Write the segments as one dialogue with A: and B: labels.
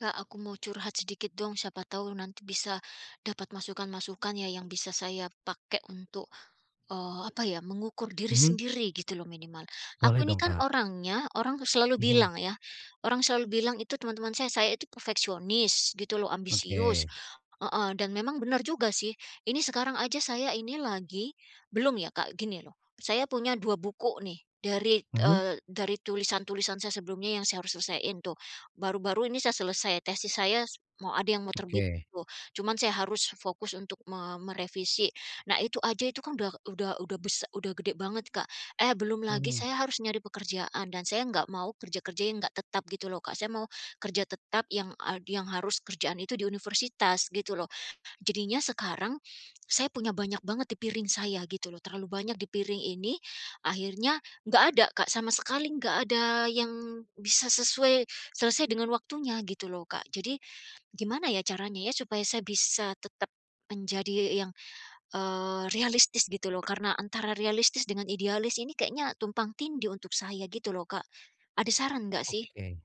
A: Kak, aku mau curhat sedikit dong. Siapa tahu nanti bisa dapat masukan-masukan ya yang bisa saya pakai untuk, eee, apa ya, mengukur diri
B: Mhm.
A: sendiri gitu loh minimal. Aku
B: Boleh
A: ini
B: dong,
A: kan
B: Kak.
A: orangnya orang tuh selalu
B: Mhm.
A: bilang ya, orang selalu bilang itu teman-teman saya, saya itu perfeksionis gitu loh, ambisius
B: Oke.
A: heeh, dan memang benar juga sih. Ini sekarang aja saya ini lagi belum ya Kak, gini loh, saya punya 2 buku nih dari,
B: Mhm.
A: eee, dari tulisan-tulisan saya sebelumnya yang saya harus selesaiin tuh. Baru-baru ini saya selesai, tesis saya s mau ada yang mau terbit
B: Oke.
A: tuh. Cuman saya harus fokus untuk me merevisi. Nah, itu aja itu kan udah udah udah bes udah gede banget, Kak, eh belum lagi
B: Mhm.
A: saya harus nyari pekerjaan dan saya enggak mau kerja-kerja yang enggak tetap gitu loh, Kak. Saya mau kerja tetap yang ad yang harus kerjaan itu di universitas gitu loh. Jadinya sekarang saya punya banyak banget di piring saya gitu loh, terlalu banyak di piring ini, akhirnya enggak ada, Kak, sama sekali enggak ada yang bisa sesuai, selesai dengan waktunya gitu loh, Kak. Jadi gimana ya caranya ya supaya saya bisa tetap menjadi yang, eee, realistis gitu loh? Karena antara realistis dengan idealis ini kayaknya tumpang tindih untuk saya gitu loh, Kak. Ada saran nggak sih?
B: Oke.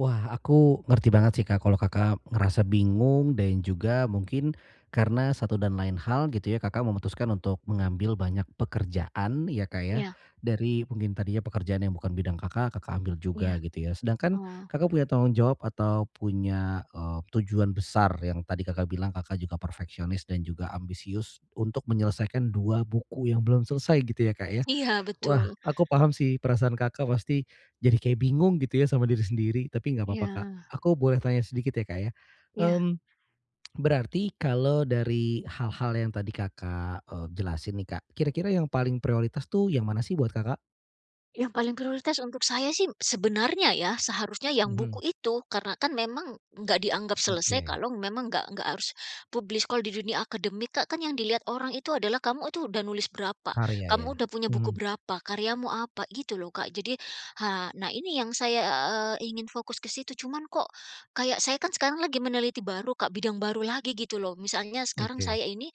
B: Wah, aku ngerti banget sih, Kak, kalau Kakak ngerasa bingung dan juga mungkin karena satu dan lain hal gitu ya Kakak memutuskan untuk mengambil banyak pekerjaan ya, Kak, ya.
A: Iya.
B: Dari mungkin tadinya pekerjaan yang bukan bidang Kakak, Kakak ambil juga
A: Iya,
B: gitu ya. Sedangkan
A: heeh.
B: Kakak punya tanggung jawab atau punya, eee, tujuan besar yang tadi Kakak bilang Kakak juga perfeksionis dan juga ambisius untuk menyelesaikan 2 buku yang belum selesai gitu ya, Kak, ya.
A: Iya
B: Wah,
A: betul.
B: aku paham sih perasaan Kakak pasti jadi kayak bingung gitu ya sama diri sendiri. Tapi enggak apa-apa, Kak.
A: Iya.
B: Aku boleh tanya sedikit ya Kak ya,
A: Ya.
B: mmm, berarti kalau dari hal-hal yang tadi Kakak, eee, jelasin nih, Kak, kira-kira yang paling prioritas tuh yang mana sih buat Kakak?
A: Yang paling prioritas untuk saya sih sebenarnya ya seharusnya yang buku
B: Mhm.
A: itu karena kan memang enggak dianggap selesai
B: Oke.
A: kalau memang enggak enggak harus publish, kalau di dunia akademik, Kak, kan yang dilihat orang itu adalah kamu itu udah nulis berapa?
B: Karya
A: Kamu
B: ya.
A: udah punya buku
B: Mhm.
A: berapa? Karyamu apa? Gitu loh, Kak. Jadi ha nah ini yang saya ingin fokus ke situ. Cuman kok kayak saya kan sekarang lagi meneliti baru, Kak, bidang baru lagi gitu loh. Misalnya sekarang
B: Oke.
A: saya ini,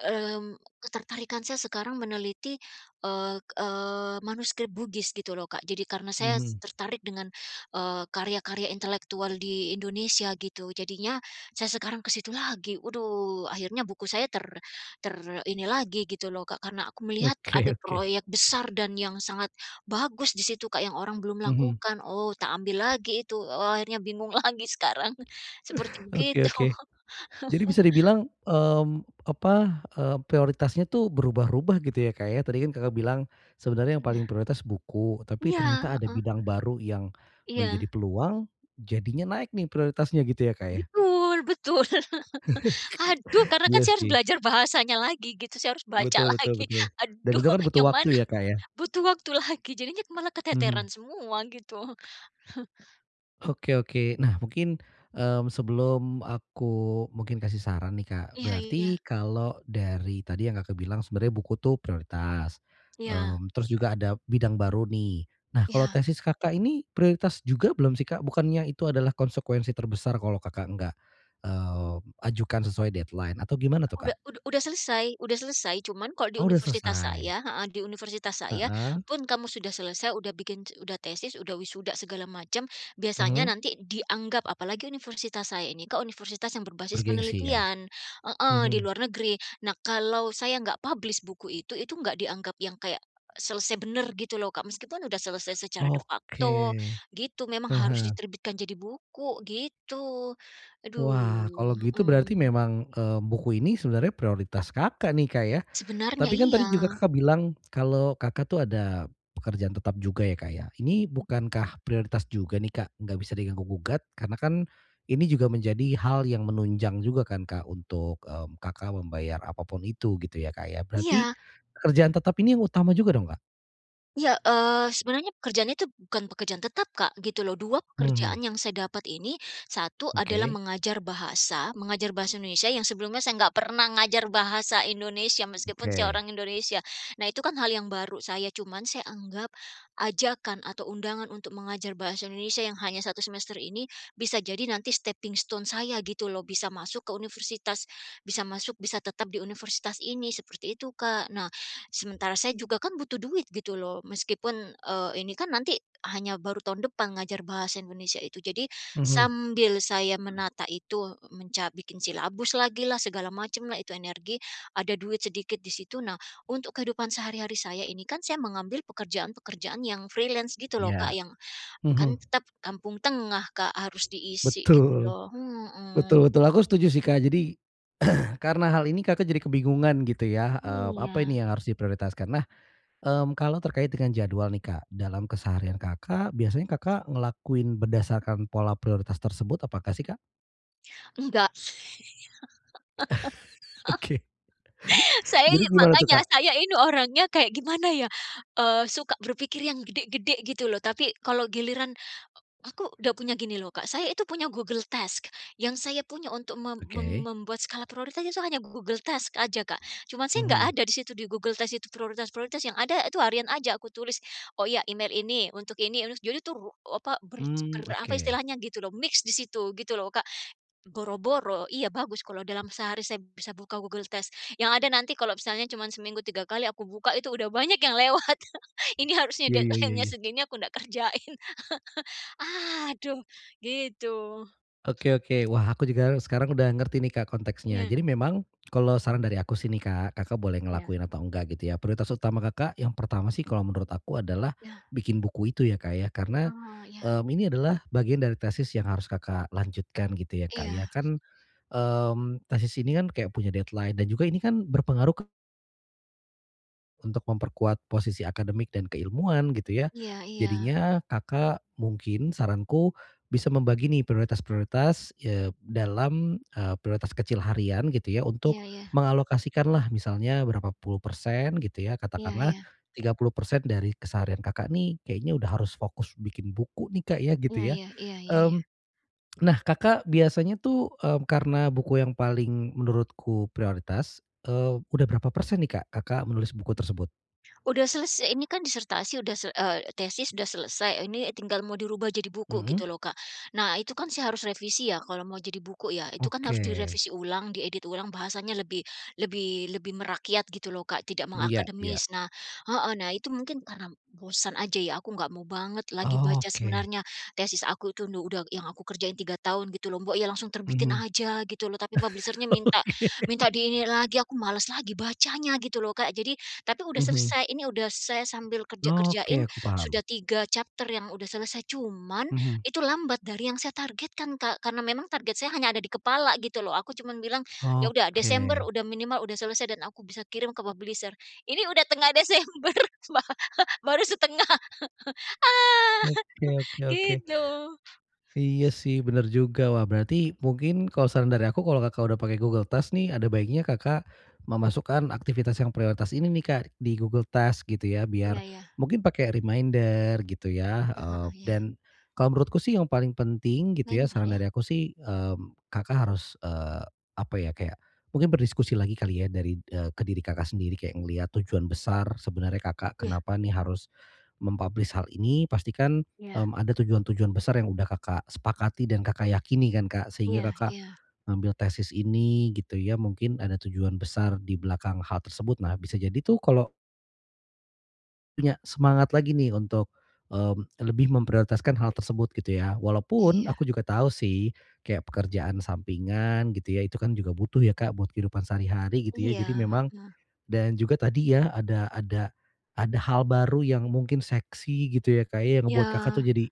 A: mmm, ketertarikan saya sekarang meneliti, eee eee, manuskrip Bugis gitu lho, Kak. Jadi karena saya
B: Mhm.
A: tertarik dengan, eee, karya-karya intelektual di Indonesia gitu, jadinya saya sekarang ke situ lagi. Waduh, akhirnya buku saya ter ter ini lagi gitu loh, Kak, karena aku melihat
B: Oke
A: ada
B: oke.
A: proyek besar dan yang sangat bagus di situ, Kak, yang orang belum
B: Mhm.
A: lakukan. Oh tak ambil lagi itu, akhirnya bingung lagi sekarang seperti
B: Oke
A: begitu.
B: oke. Jadi bisa dibilang, eee, apa, eee, prioritasnya tuh berubah-rubah gitu ya, Kak, ya, tadi kan Kakak bilang sebenarnya yang paling
A: Iya.
B: prioritas buku, tapi
A: Iya
B: ternyata ada
A: heeh.
B: bidang baru yang
A: Iya.
B: menjadi peluang jadinya naik nih prioritasnya gitu ya, Kak, ya?
A: Betul betul. Aduh, karena kan
B: Iya
A: saya harus
B: sih.
A: belajar bahasanya lagi gitu, saya harus baca
B: Betul betul
A: lagi.
B: betul. Dan
A: Aduh
B: itu kan butuh
A: yang mana
B: waktu ya, Kak, ya.
A: butuh waktu lagi jadinya malah
B: Mhm.
A: keteteran semua gitu.
B: Oke oke. Nah mungkin, mmm, sebelum aku mungkin kasih saran nih, Kak,
A: Iya iya.
B: berarti kalau dari tadi yang Kakak bilang sebenarnya buku itu prioritas, eee,
A: Iya.
B: terus juga ada bidang baru nih. Nah kalau
A: Ya.
B: tesis Kakak ini prioritas juga belum sih, Kak? Bukannya itu adalah konsekuensi terbesar kalau Kakak enggak, eee, ajukan sesuai deadline atau
A: U
B: gimana tuh,
A: udah
B: Kak?
A: udah udah selesai udah selesai. Cuman kalau di
B: Oh udah
A: universitas
B: selesai.
A: saya heeh, di universitas saya
B: Heeh.
A: pun kamu sudah selesai, udah bikin ce udah tesis, udah wisuda, segala macam, biasanya
B: Mhm.
A: nanti dianggap apalagi universitas saya ini ke universitas yang berbasis
B: Bergengsi ya.
A: penelitian heeh, di
B: Mhm.
A: luar negeri. Nah kalau saya enggak publish buku itu, itu enggak dianggap yang kayak selesai bener gitu lho, Kak, meskipun sudah selesai secara de facto
B: Oke.
A: gitu, memang harus
B: Heeh.
A: diterbitkan jadi buku gitu.
B: Wah.
A: Aduh.
B: Kalau gitu berarti
A: Heeh.
B: memang, eee, buku ini sebenarnya prioritas Kakak nih, Kak, ya.
A: Sebenernya.
B: Tapi kan tadi juga
A: Iya.
B: Kakak bilang kalau Kakak tuh ada pekerjaan tetap juga ya, Kak, ya, Ini bukankah prioritas juga nih, Kak? Nggak bisa diganggu gugat karena kan ini juga menjadi hal yang menunjang juga kan, Kak, untuk, eee, Kakak membayar apa pun itu gitu ya, Kak, ya. Berarti
A: Iya.
B: pekerjaan tetap ini yang utama juga dong, Kak?
A: Iya, eee, sebenarnya pekerjaannya itu bukan pekerjaan tetap Kak, gitu lho. 2 pekerjaan
B: Mhm.
A: yang saya dapat ini, 1 adalah
B: Oke.
A: mengajar bahasa, mengajar bahasa Indonesia yang sebelumnya saya nggak pernah ngajar bahasa Indonesia, meskipun saya
B: Oke.
A: orang Indonesia. Nah itu kan hal yang baru, saya cuman saya anggap ajakan atau undangan untuk mengajar bahasa Indonesia yang hanya 1 semester ini, bisa jadi nanti stepping stone saya gitu lho. Bisa masuk ke universitas, bisa masuk bisa tetap di universitas ini, seperti itu Kak. Nah, sementara saya juga kan butuh duit gitu loh, meskipun, eee, ini kan nanti hanya baru tahun depan ngajar bahasa Indonesia itu. Jadi
B: Mhm.
A: sambil saya menata itu, menca bikin silabus lagi lah, segala macam lah itu energi, ada duit sedikit di situ. Nah, untuk kehidupan sehari-hari saya ini kan saya mengambil pekerjaan-pekerjaan yang freelance gitu loh Kak,
B: Ya,
A: yang kan
B: mhm.
A: tetap kampung tengah Kak, harus diisi gitu
B: Betul,
A: lho.
B: betul
A: Mhm.
B: betul. Aku setuju sih Kak. Jadi karena hal ini Kakak jadi kebingungan gitu ya, eee, apa
A: Iya.
B: ini yang harus diprioritaskan. Nah, mmm, kalau terkait dengan jadwal nih Kak, dalam keseharian Kakak biasanya Kakak ngelakuin berdasarkan pola prioritas tersebut, apakah sih Kak?
A: Enggak.
B: Oke.
A: Saya
B: Jadi
A: ini,
B: gimana tuh
A: makanya
B: Kak?
A: saya ini orangnya kayak gimana ya? Eee, suka berpikir yang gede-gede gitu lho. Tapi kalau giliran eee, aku udah punya gini loh Kak, saya itu punya Google Task, yang saya punya untuk mem mem
B: Oke.
A: membuat skala prioritas itu hanya Google Task aja Kak. Cuma saya enggak
B: Mhm.
A: ada di situ, di Google Task itu prioritas-prioritas, yang ada itu harian aja aku tulis, oh iya, email ini, untuk ini, aduh jadi itu apa ber
B: Mmm,
A: ber apa
B: oke.
A: istilahnya gitu loh, mix di situ gitu loh Kak. Boro-boro, iya bagus kalau dalam sehari saya bisa buka Google Task, yang ada nanti kalau misalnya cuma seminggu 3 kali aku buka itu udah banyak yang lewat. Ini harusnya
B: Ya ya ya
A: deadline-nya
B: ya.
A: segini aku ndak kerjain. Aduh, gitu.
B: Oke oke. Wah, aku juga sekarang udah ngerti nih Kak konteksnya.
A: Iya.
B: Jadi memang kalau saran dari aku sih nih Kak, Kakak boleh
A: Iya.
B: ngelakuin atau enggak gitu ya. Prioritas utama Kakak yang pertama sih kalau menurut aku adalah
A: Iya.
B: bikin buku itu ya Kak ya, karena,
A: Oh, iya.
B: eee, ini adalah bagian dari tesis yang harus Kakak lanjutkan gitu ya Kak ya.
A: Iya.
B: Kan, mmm, tesis ini kan kayak punya deadline dan juga ini kan berpengaruh ke Untuk memperkuat posisi akademik dan keilmuan gitu ya.
A: Iya iya.
B: Jadinya Kakak mungkin saranku bisa membagi nih prioritas-prioritas, eee, dalam, eee, prioritas kecil harian gitu ya
A: Iya
B: untuk
A: iya.
B: mengalokasikanlah misalnya berapa puluh persen gitu ya.
A: Iya
B: Katakanlah
A: iya.
B: 30% dari keseharian Kakak nih kayaknya udah harus fokus bikin buku nih, Kak, ya gitu
A: Iya
B: ya.
A: iya iya iya iya.
B: Mmm, nah Kakak biasanya tuh, eee, karena buku yang paling menurutku prioritas, eee, udah berapa persen nih, Kak, Kakak menulis buku tersebut?
A: Udah selesai, ini kan disertasi sudah eee, tesis sudah selesai, ini tinggal mau dirubah jadi buku gitu
B: Mhm.
A: lho, Kak. Nah, itu kan saya harus revisi ya, kalau mau jadi buku ya, itu kan harus
B: Oke.
A: direvisi ulang, diedit ulang, bahasanya lebih lebih lebih merakyat gitu lho, Kak, tidak
B: Iya iya.
A: mengakademis. Nah heeh, nah itu mungkin karena bosan aja ya, aku nggak mau banget lagi baca
B: Oke.
A: sebenarnya tesis aku itu nu udah yang aku kerjain 3 tahun gitu lho, mbok ya langsung terbitin
B: Mhm.
A: gitu loh, tapi publisher-nya minta minta
B: Oke.
A: di ini lagi, aku malas lagi bacanya gitu loh, Kak, jadi tapi sudah
B: Mhm.
A: selesai, ini sudah saya sambil kerja kerjain,
B: Oke. Aku
A: sudah
B: paham.
A: 3 chapter yang sudah selesai, cuman
B: Mhm.
A: itu lambat dari yang saya targetkan, Kak, karena memang target saya hanya ada di kepala gitu loh. Aku cuma bilang, "Ya udah Desember
B: Oke.
A: sudah minimal sudah selesai dan aku bisa kirim ke publisher." Ini sudah tengah Desember ba baru setengah. Ah
B: Oke oke oke.
A: gitu.
B: Iya sih bener juga. Wah berarti mungkin kalau saran dari aku kalau Kakak udah pakai Google Task nih ada baiknya Kakak memasukkan aktivitas yang prioritas ini nih, Kak, di Google Task gitu ya biar
A: Iya iya.
B: mungkin pakai reminder gitu ya, eee,
A: Heeh iya.
B: dan kalau menurutku sih yang paling penting gitu ya,
A: Minder,
B: saran
A: ya.
B: dari aku sih, eee, Kakak harus, eee, apa ya, kayak mungkin berdiskusi lagi kali ya dari eee, ke diri Kakak sendiri kayak ngelihat tujuan besar sebenarnya Kakak
A: Iya.
B: kenapa nih harus mem-publish hal ini pastikan,
A: Iya.
B: mmm, ada tujuan-tujuan besar yang udah Kakak sepakati dan Kakak yakini kan, Kak, sehingga
A: Iya
B: Kakak
A: iya.
B: ngambil tesis ini gitu ya, mungkin ada tujuan besar di belakang hal tersebut. Nah bisa jadi tuh kalau Ya, semangat lagi nih untuk, mmm, lebih memprioritaskan hal tersebut gitu ya. Walaupun,
A: Iya.
B: aku juga tahu sih kayak pekerjaan sampingan gitu ya, itu kan juga butuh ya, Kak, buat kehidupan sehari-hari gitu ya.
A: Iya,
B: Jadi memang
A: heeh.
B: dan juga tadi ya, ada ada ada hal baru yang mungkin seksi gitu ya, Kak, ya, yang membuat kakak tuh
A: Ya.
B: jadi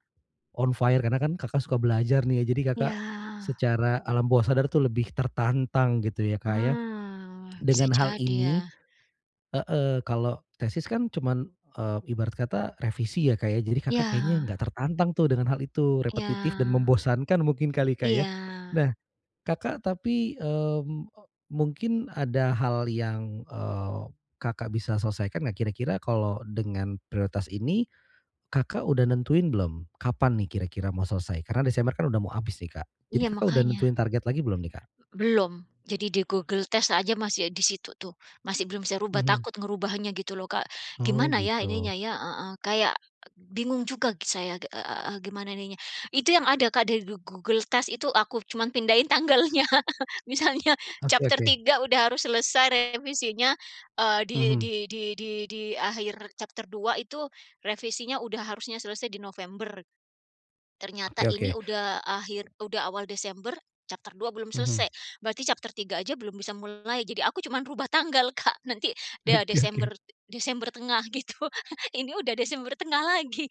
B: on fire karena kan Kakak suka belajar nih ya. Jadi Kakak
A: Ya.
B: secara alam bawah sadar tu lebih tertantang gitu ya, Kak, ya
A: Nah, bisa
B: dengan hal
A: jadi
B: ini.
A: ya.
B: Heeh, kalo tesis kan cuman, eee, ibarat kata revisi ya, Kak, ya. Jadi Kakak kayaknya
A: Ya.
B: nggak tertantang tuh dengan hal itu, repetitif dan
A: Ya.
B: membosankan mungkin kali, Kak, ya.
A: Iya.
B: Nah, Kakak tapi, mmm, eee, mungkin ada hal yang, eee, Kakak bisa selesaikan nggak, kira-kira kalau dengan prioritas ini Kakak udah nentuin belum, kapan nih kira-kira mau selesai? Karena Desember kan udah mau habis nih, Kak. Jadi
A: Iya,
B: Kakak udah
A: makanya.
B: nentuin target lagi belum nih, Kak?
A: Belum. Jadi di Google Test aja masih, eee, di situ tuh, masih belum saya rubah,
B: Mhm.
A: takut ngerubahnya gitu loh, Kak.
B: Oh
A: Gimana ya ininya
B: gitu.
A: ya, heeh, kayak, eee, bingung juga g saya, eee, gimana ininya. Itu yang ada, Kak, di Go Google Test itu aku cuman pindahin tanggalnya. Misalnya
B: Oke
A: chapter
B: oke.
A: 3 udah harus selesai revisinya, eee di
B: Mhm.
A: di di di di akhir chapter 2 itu revisinya udah harusnya selesai di November. Ternyata
B: Oke
A: ini
B: oke.
A: udah akhir udah awal Desember, chapter 2 belum selesai,
B: Mhm.
A: berarti chapter 3 aja belum bisa mulai. Jadi aku cuma rubah tanggal, Kak, nanti ya
B: Oke
A: Desember
B: oke.
A: Desember tengah gitu. Ini udah Desember tengah lagi.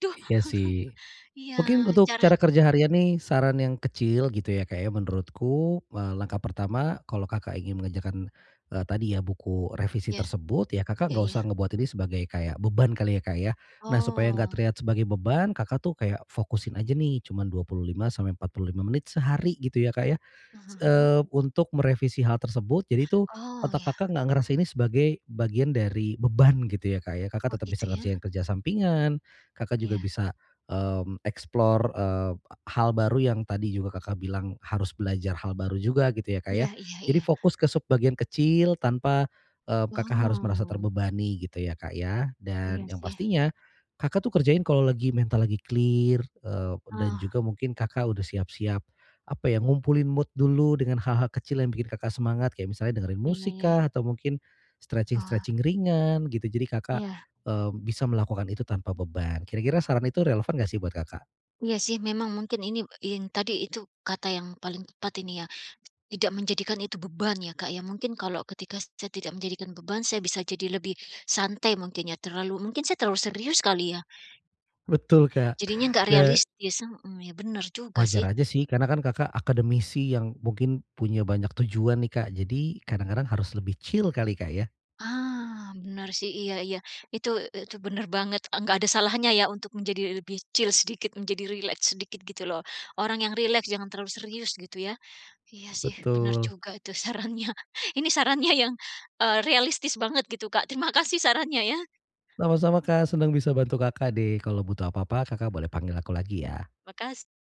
A: Aduh.
B: Iya sih,
A: Iya,
B: mungkin untuk
A: cara
B: cara kerja harian nih saran yang kecil gitu ya, Kak, ya, menurutku, mmm, langkah pertama kalau Kakak ingin mengerjakan, eee, tadi ya buku revisi
A: Iya.
B: tersebut ya Kakak
A: Iya
B: nggak
A: iya.
B: usah ngebuat ini sebagai kayak beban kali ya, Kak, ya. Nah supaya nggak
A: Oh.
B: terlihat sebagai beban Kakak tuh kayak fokusin aja nih cuman 25-45 menit sehari gitu ya, Kak, ya,
A: Hah
B: s
A: hah hah hah.
B: eee untuk merevisi hal tersebut. Jadi itu
A: Oh
B: otak
A: ya.
B: Kakak nggak ngerasa ini sebagai bagian dari beban gitu ya, Kak, ya. Kakak
A: Oh
B: tetep bisa
A: gitu ya.
B: ngerjain kerja sampingan, Kakak juga
A: Iya.
B: bisa, mmm, explore, eee, hal baru yang tadi juga Kakak bilang harus belajar hal baru juga gitu ya, Kak, ya.
A: Iya iya
B: Jadi
A: iya.
B: fokus ke sub-bagian kecil, tanpa, eee, Kakak harus merasa
A: Oh.
B: terbebani gitu ya, Kak, ya.
A: Iya
B: Dan yang
A: sih.
B: pastinya, Kakak tuh kerjain kalo lagi mental lagi clear, eee, dan
A: Oh.
B: juga mungkin Kakak udah siap-siap apa ya ngumpulin mood dulu dengan hal-hal kecil yang bikin Kakak semangat. Kayak misalnya dengerin
A: Iya,
B: musik
A: ya ya.
B: kah, atau mungkin
A: Ah.
B: stretching-stretching ringan gitu. Jadi Kakak,
A: Iya.
B: eee, bisa melakukan itu tanpa beban. Kira-kira saran itu relevan nggak sih buat Kakak?
A: Iya sih, memang mungkin ini in tadi itu kata yang paling tepat ini ya, tidak menjadikan itu beban ya, Kak, ya. Mungkin kalau ketika saya tidak menjadikan beban, saya bisa jadi lebih santai mungkin ya, terlalu mungkin saya terlalu serius kali ya?
B: Betul kak,
A: Jadinya nggak
B: da
A: realistis. Heeh, ya bener juga
B: Wajar
A: sih.
B: aja sih, karena kan Kakak akademisi yang mungkin punya banyak tujuan nih, Kak. Jadi kadang-kadang harus lebih chill kali, Kak, ya.
A: Ah, benar sih, iya iya, itu e itu bener banget. Enggak ada salahnya ya untuk menjadi lebih chill sedikit, menjadi rileks sedikit gitu loh. Orang yang rileks, jangan terlalu serius gitu ya. Iya sih, bener
B: Betul.
A: juga itu sarannya. Ini sarannya yang, eee, realistis banget gitu, Kak. Terima kasih sarannya ya.
B: Sama-sama, Kak, senang bisa bantu Kakak deh. Kalau butuh apa-apa Kakak boleh panggil aku lagi ya.
A: Makas